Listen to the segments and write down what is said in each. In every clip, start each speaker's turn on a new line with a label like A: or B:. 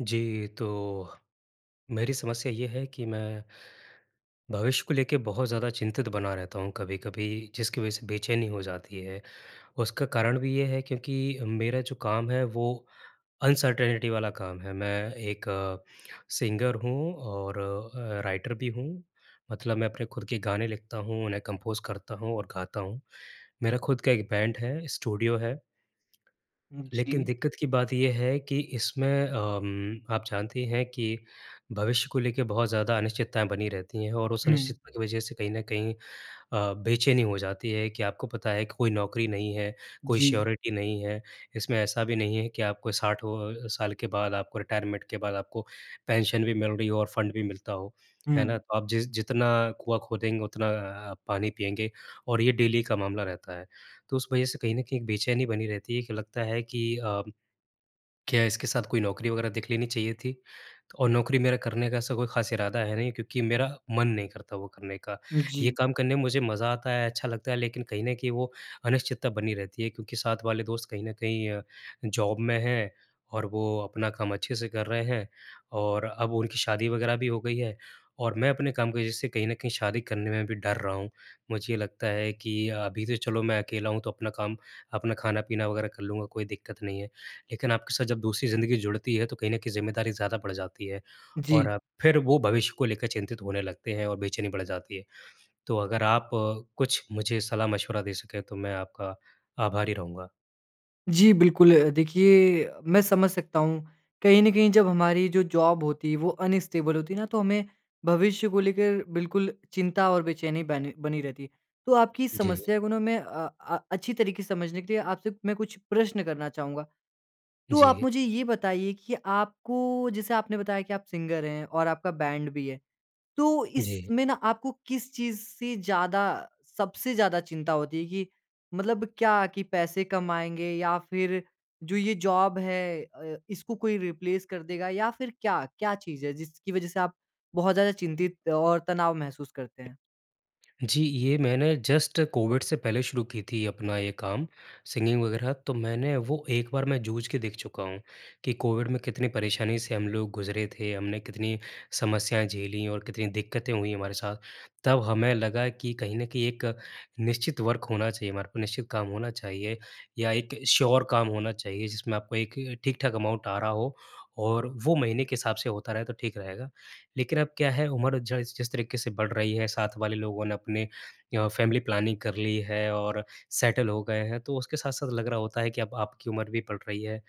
A: जी। तो मेरी समस्या ये है कि मैं भविष्य को लेके बहुत ज़्यादा चिंतित बना रहता हूँ कभी-कभी जिसकी वज़ह से बेचैनी हो जाती है। उसका कारण भी ये है क्योंकि मेरा जो काम है वो अनसर्टेनिटी वाला काम है। मैं एक अ, सिंगर हूँ और अ, राइटर भी हूँ। मतलब मैं अपने खुद के गाने लिखता हूँ उन्हें कम्पोज़ करता हूँ और गाता हूँ। मेरा खुद का एक बैंड है स्टूडियो है।
B: उम,
A: लेकिन
B: जी।
A: दिक्कत की बात ये है कि इसमें अ, उम, आप जानती हैं कि भविष्य को लेके बहुत ज़्यादा अनिश्चितताएँ बनी रहती हैं और उस
B: हुँ।
A: अनिश्चितता की वज़ह से कहीं न कहीं अ, बेचैनी हो जाती है कि आपको पता है कि कोई नौकरी नहीं है कोई
B: जी।
A: श्योरिटी नहीं है। इसमें ऐसा भी नहीं है कि आपको साठों साल के बाद आपको रिटायरमेंट के बाद आपको पेंशन भी मिल रही हो और फंड भी मिलता हो, है ना?
B: हुँ।
A: तो आप जिस जितना कुआँ खोदेंगे उतना अ अ, पानी पिएँगे और ये डेली का मामला रहता है। तो उस वज़ह से कहीं न कहीं एक बेचैनी बनी रहती है कि, लगता है कि अ, क्या इसके साथ कोई नौकरी वग़ैरह देख लेनी चाहिए थी? और नौकरी मेरा करने का ऐसा कोई ख़ास इरादा है नहीं क्योंकि मेरा मन नहीं करता वो करने का।
B: उम, जी।
A: ये काम करने में मुझे मज़ा आता है अच्छा लगता है लेकिन कहीं न कहीं वो अनिश्चितता बनी रहती है क्योंकि साथ वाले दोस्त कहीं न कहीं अ, जॉब में हैं और वो अपना काम अच्छे से कर रहे हैं और अब उनकी शादी वग़ैरह भी हो गई है और मैं अपने काम की वज़ह से कहीं न कहीं शादी करने में भी डर रहा हूँ। मुझे लगता है कि अभी तो चलो मैं अकेला हूँ तो अपना काम, अपना खाना-पीना वग़ैरह कर लूँगा कोई दिक्कत नहीं है। लेकिन आपके साथ जब दूसरी ज़िंदगी जुड़ती है तो कहीं न कहीं ज़िम्मेदारी ज़्यादा बढ़ जाती है और
B: जी।
A: अब फ़िर वो भविष्य को लेकर चिंतित होने लगते हैं और बेचैनी बढ़ जाती है। तो अगर आप कुछ मुझे सलाह मशविरा दे सके तो मैं आपका आभारी रहूँगा।
B: जी बिल्कुल। अ, देखिए मैं समझ सकता हूँ। कहीं न कहीं जब हमारी जो जॉब होती है वो अनस्टेबल होती है ना, तो हमें भविष्य को लेकर बिल्कुल चिंता और बेचैनी बन बनी रहती है। तो आपकी
A: जी।
B: समस्या को ना मैं अ अ, अच्छी तरीके से समझने के लिए आपसे, मैं कुछ प्रश्न करना चाहूँगा। तो आप
A: जी।
B: मुझे ये बताइए कि, आपको जैसे आपने बताया कि आप सिंगर हैं और आपका बैंड भी है। तो
A: जी।
B: इसमें ना आपको किस चीज़ से ज़्यादा, सबसे ज़्यादा चिंता होती है कि मतलब क्या कि पैसे कमाएँगे या फिर जो ये जॉब है अ, इसको कोई रिप्लेस कर देगा या फिर क्या, क्या चीज़ है जिसकी वजह से आप बहुत ज़्यादा चिंतित और तनाव महसूस करते हैं?
A: जी, ये मैंने जस्ट कोविड से पहले शुरू की थी अपना ये काम, सिंगिंग वग़ैरह। तो मैंने वो एक बार मैं जूझ के देख चुका हूँ कि कोविड में कितनी परेशानी से हम लोग गुजरे थे, हमने कितनी समस्याएँ झेलीं और कितनी दिक्कतें हुईं हमारे साथ। तब हमें लगा कि कहीं न कहीं एक निश्चित वर्क होना चाहिए, हमारे को निश्चित काम होना चाहिए या एक श्योर काम होना चाहिए, जिसमें आपको एक ठीक-ठाक अमाउंट आ रहा हो और वो महीने के हिसाब से होता रहे तो ठीक रहेगा। लेकिन अब क्या है, उम्र ज इस जिस तरीके से बढ़ रही है, साथ वाले लोगों ने अपने य फैमिली प्लानिंग कर ली है और सेटल हो गए हैं। तो उसके साथ-साथ लग रहा होता है कि अब आपकी उम्र भी बढ़ रही है,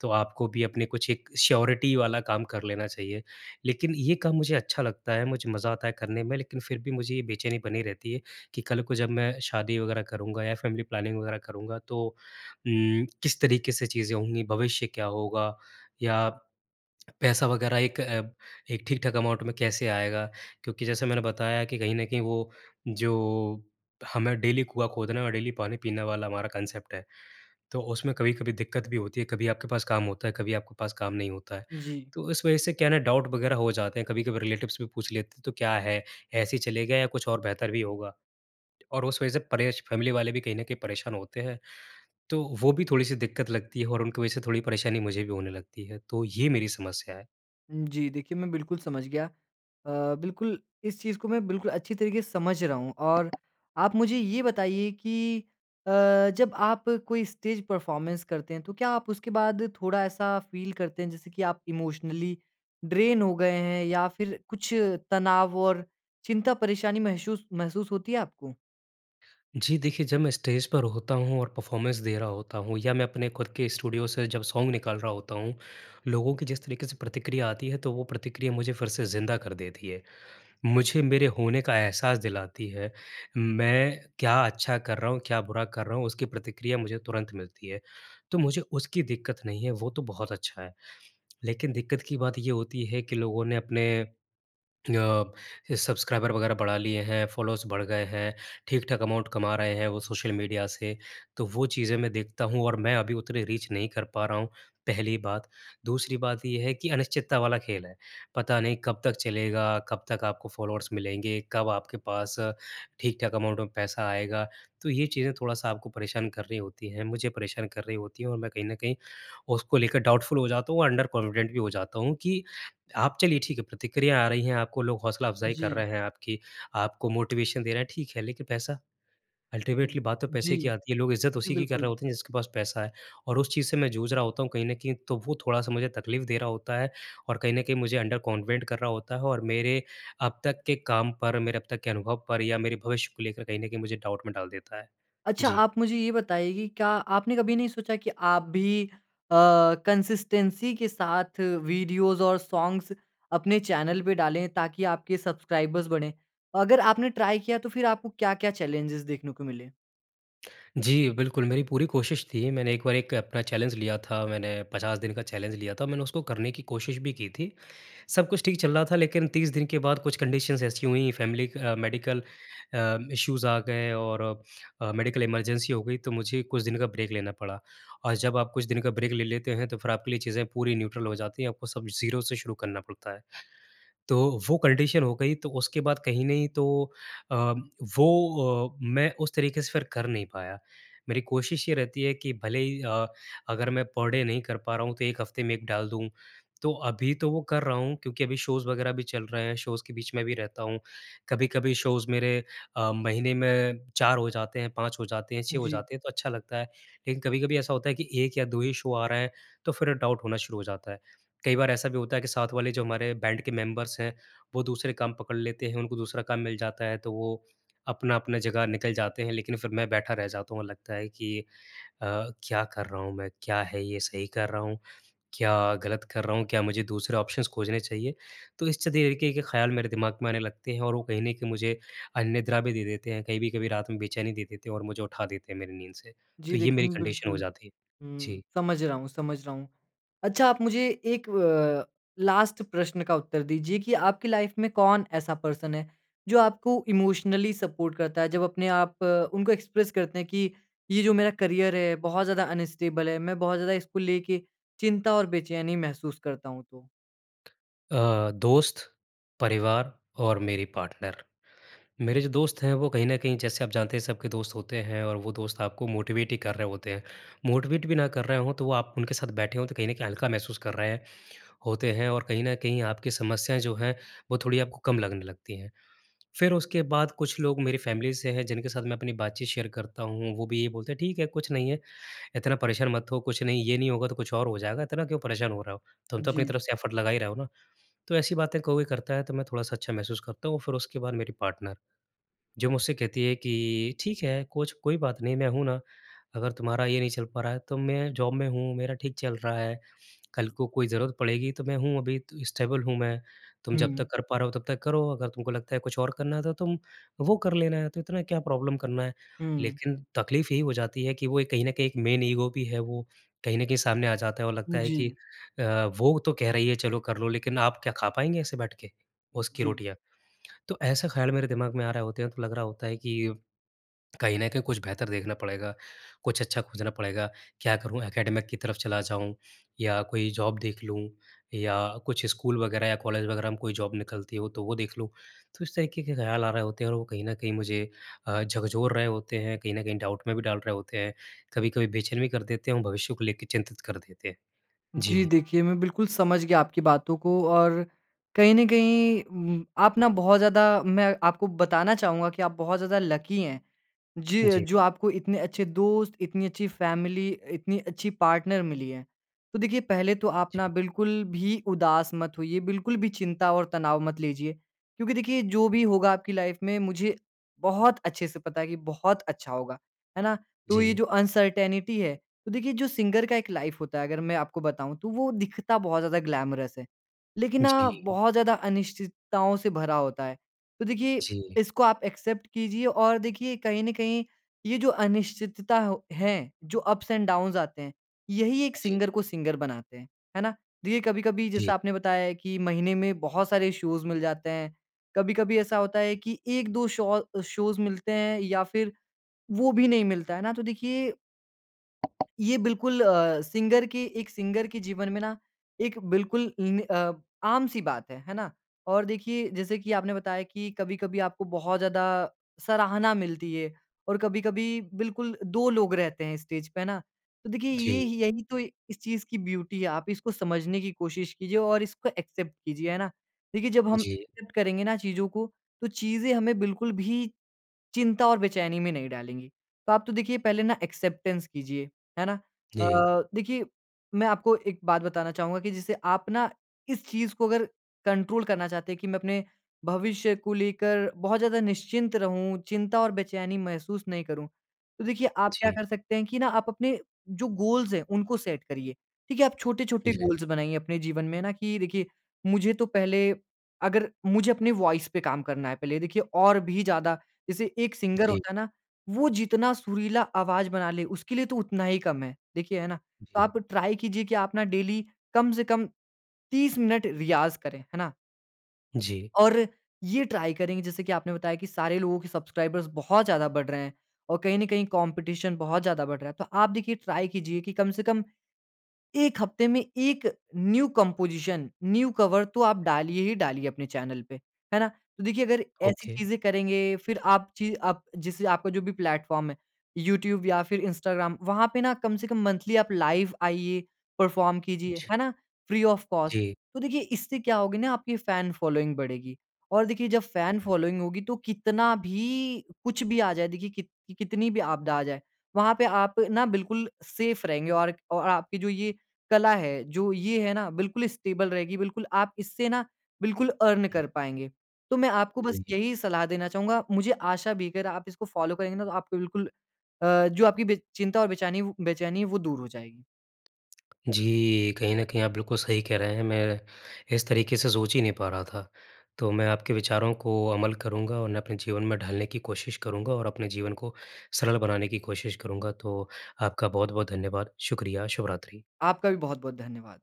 A: तो आपको भी अपने कुछ एक श्योरिटी वाला काम कर लेना चाहिए। लेकिन ये काम मुझे अच्छा लगता है, मुझे मज़ा आता है करने में लेकिन फिर भी मुझे ये बेचैनी बनी रहती है कि कल को जब मैं शादी वग़ैरह करूँगा या फैमिली प्लानिंग वग़ैरह करूँगा तो उम, किस तरीके से चीज़ें होंगी? भविष्य क्या होगा? या पैसा वग़ैरह एक अ, एक ठीक-ठाक अमाउंट में कैसे आएगा? क्योंकि जैसे मैंने बताया कि कहीं न कहीं वो, जो, हमें डेली कुआँ खोदना है और डेली पानी पीने वाला हमारा कान्सेप्ट है। तो उसमें कभी-कभी दिक्कत भी होती है। कभी आपके पास काम होता है, कभी आपके पास काम नहीं होता है।
B: जी।
A: तो इस वजह से क्या है ना, डाउट वग़ैरह हो जाते हैं, कभी-कभी रिलेटिव्स भी पूछ लेते हैं, तो क्या है? ऐसे ही चलेगा या कुछ और बेहतर भी होगा? और उस वजह से परेश फैमिली वाले भी कहीं ना कहीं परेशान होते हैं। तो, वो भी थोड़ी-सी दिक्कत लगती है और उनकी वजह से थोड़ी परेशानी मुझे भी होने लगती है। तो ये मेरी समस्या है।
B: जी। देखिए मैं बिल्कुल समझ गया। अ, बिल्कुल इस चीज़ को मैं बिल्कुल अच्छी तरीके से समझ रहा हूँ और आप मुझे ये बताइए कि अ, जब आप कोई स्टेज़ परफ़ॉर्मेंस करते हैं तो क्या आप उसके बाद थोड़ा ऐसा फ़ील करते हैं जैसे कि आप इमोशनली ड्रेन हो गए हैं? या फिर कुछ तनाव और चिंता परेशानी महशुस महसूस होती है आपको?
A: जी। देखिए जब मैं स्टेज़ पर होता हूँ और परफ़ॉर्मेंस दे रहा होता हूँ या मैं अपने खुद के स्टूडियो से जब सॉन्ग निकाल रहा होता हूँ लोगों की जिस तरीके से प्रतिक्रिया आती है, तो वो प्रतिक्रिया मुझे फ़िर से ज़िंदा कर देती है। मुझे मेरे होने का एहसास दिलाती है। मैं क्या अच्छा कर रहा हूँ क्या बुरा कर रहा हूँ उसकी प्रतिक्रिया मुझे तुरंत मिलती है। तो मुझे उसकी दिक्कत नहीं है वो तो बहुत अच्छा है। लेकिन दिक्कत की बात ये होती है कि लोगों ने अपने अ, सब्सक्राइबर वग़ैरह बढ़ा लिए हैं। फ़ॉलोअर्स बढ़ गए हैं। ठीक-ठाक अमाउंट कमा रहे हैं वो सोशल मीडिया से। तो वो चीज़ें मैं देखता हूँ और मैं अभी उतनी रीच नहीं कर पा रहा हूँ पहली बात। दूसरी बात ये है कि अनिश्चितता वाला खेल है। पता नहीं कब तक चलेगा? कब तक आपको फ़ॉलोअर्स मिलेंगे? कब आप आपके पास अ, ठीक-ठाक अमाउंट में पैसा आएगा? तो ये चीज़ें थोड़ा-सा आपको परेशान कर रही होती हैं। मुझे परेशान कर रही होती है। और मैं कहीं न कहीं उसको लेकर डाउटफ़ुल हो जाता हूँ अंडर कॉन्फिडेंट भी हो जाता हूँ कि आप चलिए ठीक है प्रतिक्रिया आ रही है आपको लोग हौसला अफ़ज़ाई कर रहे
B: जी।
A: हैं आपकी आपको मोटिवेशन दे रहे है ठीक है लेकिन पैसा? अल्टीमेटली
B: हुँ,
A: बात तो
B: जी।
A: पैसे की आती है लोग इज़्ज़त
B: जी,
A: उसी की कर रहे
B: बिल्कुल।
A: होते हैं जिसके पास पैसा है। और उस चीज़ से मैं जूझ रहा होता हूँ कहीं न कहीं तो वो थोड़ा-सा मुझे तकलीफ़ दे रहा होता है। और कहीं न कहीं मुझे अंडर कॉन्वेंट कर रहा होता है। और मेरे अब तक के काम पर मेरे अब तक के अनुभव पर या मेरे भविष्य को लेकर कहीं न कहीं मुझे डाउट में डाल देता है।
B: अच्छा
A: जी।
B: आप मुझे ये बताइए कि क्या आपने कभी नहीं सोचा की आप भी अ, कंसिस्टेंसी के साथ वीडियोज़ और सॉंग्स अपने चैनल पे डाले ताकि आपके सब्सक्राइबर्स बढ़ें? अगर आपने ट्राई किया तो फिर आपको क्या-क्या चैलेंजेस देखने को मिले?
A: जी, बिल्कुल। मेरी पूरी कोशिश थी मैंने एक बार एक अपना चैलेंज लिया था। मैंने 50 दिन का चैलेंज लिया था। मैंने उसको करने की कोशिश भी की थी। सब कुछ ठीक चल रहा था लेकिन 30 दिन के बाद कुछ कंडीशंस ऐसी हुईं family uh, medical uh, issues आ गए और अ, मेडिकल इमरजेंसी हो गई तो मुझे कुछ दिन का ब्रेक लेना पड़ा और जब आप कुछ दिन का ब्रेक ले लेते हैं तो फिर आपके लिए चीज़ें पूरी न्यूट्रल हो जाती हैं। आपको सब ज़ीरो से शुरू करना पड़ता है। तो वो कंडीशन हो गई तो उसके बाद कहीं नहीं तो अ, वो अ मैं उस तरीके से फिर कर नहीं पाया। मेरी कोशिश ये रहती है कि भले ही अ अगर मैं पर डे नहीं कर पा रहा हूँ तो 1 हफ्ते में एक डाल दूँ। तो अभी तो वो कर रहा हूँ क्योंकि अभी शोज़ वग़ैरह भी चल रहे हैं शोज़ के बीच में भी रहता हूँ। कभी-कभी शोज़ मेरे अ, महीने में 4 हो जाते हैं, 5 हो जाते हैं, 6 हो
B: जी।
A: जाते हैं तो अच्छा लगता है। लेकिन कभी-कभी ऐसा होता है कि 1 या 2 ही शो आ रहा हैं, तो फिर डाउट होना शुरू हो जाता है। कई बार ऐसा भी होता है कि साथ वाले जो हमारे बैंड के मेंबर्स हैं वो दूसरे काम पकड़ लेते हैं उनको दूसरा काम मिल जाता है तो वो अपना-अपना जगह निकल जाते हैं, लेकिन फिर मैं बैठा रह जाता हूँ और लगता है कि अ, क्या कर रहा हूँ मैं, क्या है ये सही कर रहा हूँ? क्या गलत कर रहा हूँ? क्या मुझे दूसरे ऑप्शंस खोजने चाहिए? तो इस च दी ए के ख़्याल मेरे दिमाग में आने लगते हैं और वो कहीं न कहीं मुझे अनिद्रा भी दे देते हैं, कभी-कभी रात में बेचैनी दे देते हैं और मुझे उठा देते हैं मेरी नींद से। तो
B: जी
A: ये
B: देखिए,
A: मेरी
B: मैं
A: कंडीशन हो
B: बिल्कुल
A: जाती है।
B: हुँ।
A: जी।
B: समझ रहा हूँ समझ रहा हूँ। अच्छा आप मुझे एक व लास्ट प्रश्न का उत्तर दीजिए कि आपकी लाइफ़ में कौन ऐसा पर्सन है जो आपको इमोशनली सपोर्ट करता है? जब अपने आप उनको एक्सप्रेस करते हैं कि ये जो मेरा करियर है बहुत ज़्यादा अनस्टेबल है। मैं बहुत ज़्यादा इसको लेके चिंता और बेचैनी महसूस करता हूँ तो।
A: अ, दोस्त, परिवार और मेरी पार्टनर। मेरे जो दोस्त हैं वो कहीं न कहीं जैसे आप जानते हैं सबके दोस्त होते हैं और वो दोस्त आपको मोटिवेट ही कर रहे होते हैं। मोटिवेट भी ना कर रहे हो तो वो आप उनके साथ बैठे हो तो कहीं न कहीं हल्का महसूस कर रहे है होते हैं और कहीं न कहीं आपके समस्याएँ जो हैं, वो थोड़ी आपको कम लगने लगती हैं। फिर उसके बाद कुछ लोग मेरी फ़ैमिली से हैं जिनके साथ मैं अपनी बातचीत शेयर करता हूँ। वो भी ये बोलते हैं "ठीक है कुछ नहीं है। इतना परेशान मत हो। कुछ नहीं ये नहीं होगा तो कुछ और हो जाएगा इतना क्यों परेशान हो रहे हो, तुम तो अपनी
B: जी।
A: तरफ से एफर्ट लगा ही रहे हो ना।" तो ऐसी बातें कोई करता है तो मैं थोड़ा-सा अच्छा महसूस करता हूँ। और फिर उसके बाद मेरी पार्टनर, जो मुझसे कहती है कि "ठीक है, कुछ कोई बात नहीं, मैं हूँ ना। अगर तुम्हारा ये नहीं चल पा रहा है तो मैं जॉब में हूँ मेरा ठीक चल रहा है। कल को कोई ज़रूरत पड़ेगी तो मैं हूँ। अभी त स्टेबल हूँ मैं। तुम जब
B: हुँ।
A: तक कर पा रहे हो तब तक करो, अगर तुमको लगता है कुछ और करना है तो तुम वो कर लेना, तो इतना क्या प्रॉब्लम करना है।"
B: हुँ।
A: लेकिन तक़लीफ़ यही हो जाती है कि वो कहीं न कहीं एक मैन ईगो भी है वो। कहीं न कहीं सामने आ जाता है और लगता
B: उम,
A: है कि
B: जी।
A: अ, वो तो कह रही है, "चलो कर लो" लेकिन आप क्या खा पाएँगे ऐसे बैठ के,
B: उम,
A: उसकी
B: जी।
A: रोटियाँ? तो ऐसा ख़्याल मेरे दिमाग में आ रहे होते हैं तो लग रहा होता है कि कहीं न कहीं कुछ बेहतर देखना पड़ेगा, कुछ अच्छा खोजना पड़ेगा। क्या करूँ एकेडमिक की तरफ चला जाऊँ या कोई जॉब देख लूँ या कुछ स्कूल वग़ैरह या कॉलेज वग़ैरह में कोई जॉब निकलती हो तो वो देख लूँ। तो इस तरीक़े के ख़्याल आ रहे होते हैं और वो कहीं न कहीं मुझे अ, झकझोर रहे होते हैं कहीं न कहीं डाउट में भी डाल रहे होते हैं। कभी-कभी बेचैन भी कर देते हैं और भविष्य को लेकर चिंतित कर देते हैं।
B: जी
A: जी।
B: देखिए मैं बिल्कुल समझ गया आपकी बातों को और कहीं न कहीं उम उम, आप ना बहुत ज़्यादा मैं आपको बताना चाहूँगा कि आप बहुत ज़्यादा लकी हैं। जी
A: जी।
B: जो आपको इतने अच्छे दोस्त इतनी अच्छी फ़ैमिली इतनी अच्छी पार्टनर मिली है। तो देखिए पहले तो आप ना
A: जी।
B: बिल्कुल भी उदास मत होइए। बिल्कुल भी चिंता और तनाव मत लीजिए। क्योंकि देखिए जो भी होगा आपकी लाइफ में मुझे बहुत अच्छे से पता है कि बहुत अच्छा होगा, है ना। तो ये
A: जी।
B: जो अनसर्टेंटी है, तो देखिए जो सिंगर का एक लाइफ होता है अगर मैं आपको बताऊँ तो वो दिखता बहुत ज़्यादा ग्लैमरस है लेकिन ना
A: जी।
B: बहुत ज़्यादा अनिश्चितताओं से भरा होता है। तो देखिए
A: जी।
B: इसको आप एक्सेप्ट कीजिए और देखिए कहीं न कहीं ये जो अनिश्चितता हो है, जो अप्स एंड डाउन्स आते हैं यही एक
A: जी।
B: सिंगर को सिंगर बनाते हैं। है ना। दी ये कभी-कभी जैसा
A: जी।
B: आपने बताया है कि महीने में बहुत सारे शोज़ मिल जाते हैं। कभी-कभी ऐसा होता है कि 1-2 शौ शोज़ मिलते हैं या फिर वो भी नहीं मिलता, है ना। तो देखिए ये बिल्कुल अ, सिंगर की एक सिंगर के जीवन में ना एक बिल्कुल इन अ, आम सी बात है, है ना? और देखिए, जैसे कि आपने बताया कि कभी-कभी आपको बहुत ज़्यादा सराहना मिलती है और कभी-कभी बिल्कुल 2 लोग रहते हैं स्टेज पे, है ना? तो देखिए ये
A: जी।
B: ह यही तो इस चीज़ की ब्यूटी है, आप इसको समझने की कोशिश कीजिए और इसको एक्सेप्ट कीजिए, है ना? देखिए, जब हम
A: जी।
B: एक्सेप्ट करेंगे ना चीज़ों को, तो चीज़ें हमें बिल्कुल भी चिंता और बेचैनी में नहीं डालेंगी। तो आप तो देखिए पहले ना एक्सेप्टेंस कीजिए, है ना? अ
A: जी।
B: अ, देखिए मैं आपको एक बात बताना चाहूँगा कि जैसे आप ना इस चीज़ को अगर कंट्रोल करना चाहते हैं कि मैं अपने भविष्य को लेकर बहुत ज़्यादा निश्चिंत रहूँ, चिंता और बेचैनी महसूस नहीं करूँ। तो देखिए आप क्या
A: जी।
B: कर सकते हैं कि ना आप अपने जो गोल्स हैं, उनको सेट करिए। ठीक है, आप छोटे-छोटे
A: जी।
B: गोल्स बनाइए अपने जीवन में ना कि देखिए, मुझे तो पहले अगर मुझे अपनी वॉइस पे काम करना है पहले देखिए और भी ज़्यादा, जैसे एक सिंगर
A: जी।
B: होता है ना, वो जितना सुरीला आवाज़ बना ले, उसके लिए तो उतना ही कम है। देखिए, है ना? तो
A: जी।
B: आप ट्राई कीजिए कि आप ना डेली कम से कम 30 मिनट रियाज़ करें, है ना?
A: जी।
B: और ये ट्राई करेंगे जैसे कि आपने बताया कि सारे लोगों के सब्सक्राइबर्स बहुत ज़्यादा बढ़ रहे हैं और कहीं न कहीं कॉम्पटिशन बहुत ज़्यादा बढ़ रहा है। तो आप देखिए ट्राई कीजिए कि कम से कम, 1 हफ्ते में 1 न्यू कंपोज़िशन, न्यू कवर तो आप डालिए ही डालिए अपने चैनल पे। है ना? तो देखिए अगर ऐसी
A: ओके।
B: चीज़ें करेंगे, फिर आप ची आप जैसे आपका जो भी प्लेटफॉर्म है यूट्यूब या फिर इंस्टाग्राम, वहाँ पे ना कम से कम मंथली आप लाइव आइये, परफॉर्म कीजिए।
A: ज
B: है ना? Free of cost.
A: जी।
B: तो देखिए इससे क्या होगी न आपकी फैन फॉलोइंग बढ़ेगी। और देखिए जब फैन फॉलोइंग होगी तो कितना भी, कुछ भी आ जाए देखिए कित कितनी भी आपदा आ जाए। वहाँ पे आप न बिल्कुल सेफ़ रहेंगे और एक और आपकी जो ये कला है, जो ये है ना बिल्कुल स्टेबल रहेगी। बिल्कुल आप इससे न बिल्कुल अर्न कर पाएँगे। तो मैं आपको बस
A: जी।
B: यही सलाह देना चाहूँगा। मुझे आशा भी अगर आप इसको फॉलो करेंगे ना तो आपको बिल्कुल अ, जो आपकी बे चिंता और बेचैनी वो बेचैनी वो दूर हो जाएगी।
A: जी। कहीं न कहीं आप बिल्कुल सही कह रहे हैं। मैं इस तरीके से सोच ही नहीं पा रहा था। तो मैं आपके विचारों को अमल करूँगा और उन्हें अपने जीवन में ढालने की कोशिश करूँगा और अपने जीवन को सरल बनाने की कोशिश करूँगा। तो आपका बहुत-बहुत धन्यवाद। शुक्रिया, शुभरात्रि।
B: आपका भी बहुत-बहुत धन्यवाद।